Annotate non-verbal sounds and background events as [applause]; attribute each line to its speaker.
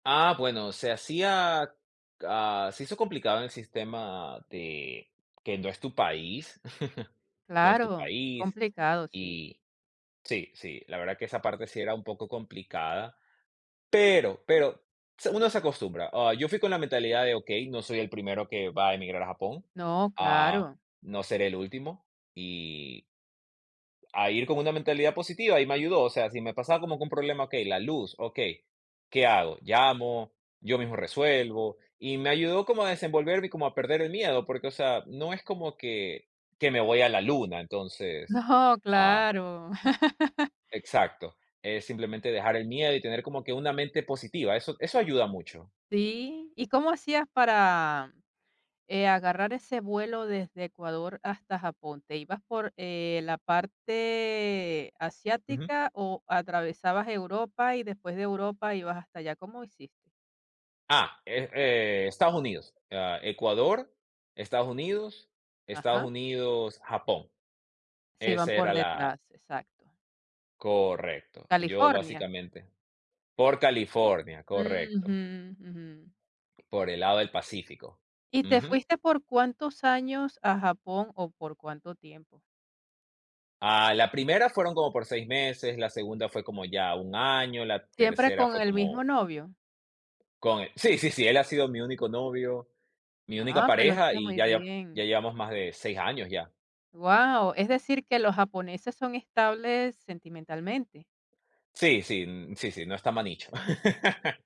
Speaker 1: Ah, bueno, se hacía, ah, se hizo complicado en el sistema de, que no es tu país, [chuckles] no es tu
Speaker 2: Claro,
Speaker 1: país,
Speaker 2: complicado, sí.
Speaker 1: y sí, sí, la verdad que esa parte sí era un poco complicada, pero pero, se uno se acostumbra. Ah, yo fui con la mentalidad de, okey, no soy el primero que va a emigrar a Japón,
Speaker 2: No,
Speaker 1: ah,
Speaker 2: claro.
Speaker 1: no seré el último y a ir con una mentalidad positiva. Y me ayudó, o sea, si me pasaba como que un problema, okey, la luz, okey, ¿qué hago? ¿Llamo? ¿Yo mismo resuelvo? Y me ayudó como a desenvolverme y como a perder el miedo, porque, o sea, no es como que, que me voy a la luna, entonces,
Speaker 2: No,
Speaker 1: ah
Speaker 2: claro. [laughs]
Speaker 1: Exacto, es simplemente dejar el miedo y tener como que una mente positiva, eso eso ayuda mucho.
Speaker 2: Sí, ¿y cómo hacías para, eh, agarrar ese vuelo desde Ecuador hasta Japón? ¿Te ibas por, eh, la parte
Speaker 1: Ujú.
Speaker 2: asiática o atravesabas Europa y después de Europa ibas hasta allá? ¿Cómo hiciste?
Speaker 1: Ah, eh eh, Estados Unidos, ah, Ecuador, Estados Unidos, Estados
Speaker 2: Ajá.
Speaker 1: Unidos, Japón.
Speaker 2: Se iban
Speaker 1: Esa
Speaker 2: por
Speaker 1: era la
Speaker 2: detrás, exacto.
Speaker 1: Correcto, yo
Speaker 2: ¿California?
Speaker 1: básicamente. Por California, correcto.
Speaker 2: Ujú, ujú.
Speaker 1: Por el lado del Pacífico.
Speaker 2: ¿Y te
Speaker 1: Ujú.
Speaker 2: fuiste por cuántos años a Japón o por cuánto tiempo?
Speaker 1: Ah, la primera fueron como por 6 meses, la segunda fue como ya un año, la
Speaker 2: ¿Siempre
Speaker 1: tercera
Speaker 2: con
Speaker 1: fue
Speaker 2: el mismo
Speaker 1: como
Speaker 2: novio?
Speaker 1: con el sí, sí, sí, él ha sido mi único novio, mi única
Speaker 2: Ah, pero
Speaker 1: pareja,
Speaker 2: está
Speaker 1: y
Speaker 2: muy
Speaker 1: ya ya, ya
Speaker 2: bien.
Speaker 1: llevamos más de 6 años ya.
Speaker 2: Wao, es decir, que los japoneses son estables sentimentalmente.
Speaker 1: Sí, sí, n sí, sí, no está manicho. [laughs]